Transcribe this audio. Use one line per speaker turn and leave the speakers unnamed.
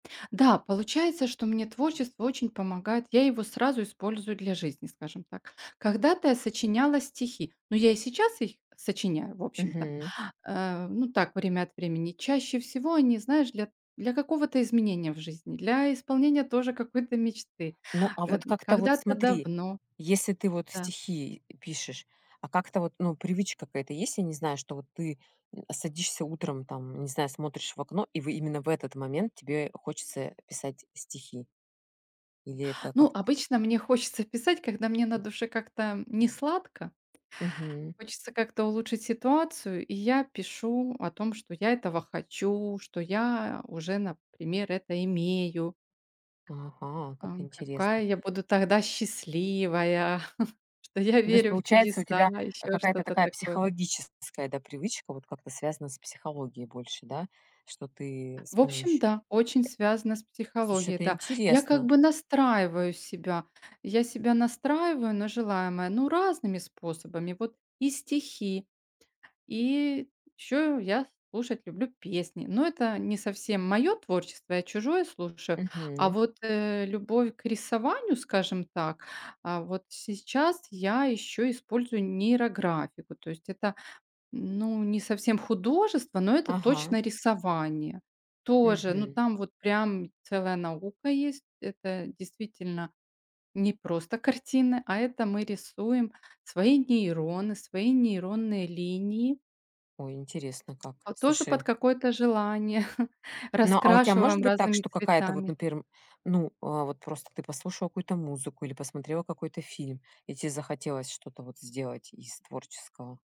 Да, получается, что мне творчество очень помогает, я его сразу использую для жизни, скажем так. Когда-то я сочиняла стихи, ну, я и сейчас их сочиняю, в общем-то,
Мгм.
э, ну, так, время от времени. Чаще всего, они, знаешь, для для какого-то изменения в жизни, для исполнения, тоже, какой-то мечты.
Ну, а
Э,
вот,
д
как-то вот,
когда-то
смотри,
давно
если ты вот
Да.
стихи, и, э, пишешь, а, как-то вот, ну, привычка какая-то есть, я не знаю, что вот ты, м, а, садишься утром, там, не знаю, смотришь в окно, и, в э именно в этот момент тебе хочется, э, писать стихи? Или, это
Ну,
как-то
обычно, мне хочется писать, когда мне на душе как-то, м, несладко.
Мгм.
Хочется как-то улучшить ситуацию, и я пишу о том, что я этого хочу, что я, а, уже, например, это имею.
Ага, как
Ам, какая
интересно.
я буду тогда счастливая, что я
Ну, то есть,
верю в
получается, у
чудеса,
тебя, а,
ещё
какая-то
что-то
такая
такое.
психологическая, да, привычка? Вот как-то связана с психологией больше, да? Что ты с
В общем,
помощью
да, очень связано с
Слушай,
психологией,
это
да. Я как
интересно.
бы настраиваю себя, я себя настраиваю на желаемое, ну, разными способами. Вот и стихи, и, ещё, я слушать люблю песни, но это не совсем моё творчество, я чужое слушаю. А,
Мгм.
вот, э, любовь к рисованию, скажем так, а, вот сейчас я ещё использую нейрографику. То есть это, ну, не совсем художество, но это,
Ага.
точно, рисование. Тоже, ну,
Мгм.
там вот, прям, целая наука есть. Это, действительно, не просто картины, а, это мы рисуем свои нейроны, свои нейронные линии.
О, интересно как.
А, тоже под
Слушай.
какое-то желание,
Но, а, у тебя может
раскрашиваем
быть так,
разными
что какая-то вот,
цветами.
например, м, ну, а, вот, просто, ты послушала какую-то музыку, или посмотрела какой-то фильм, и тебе захотелось что-то вот сделать из творческого?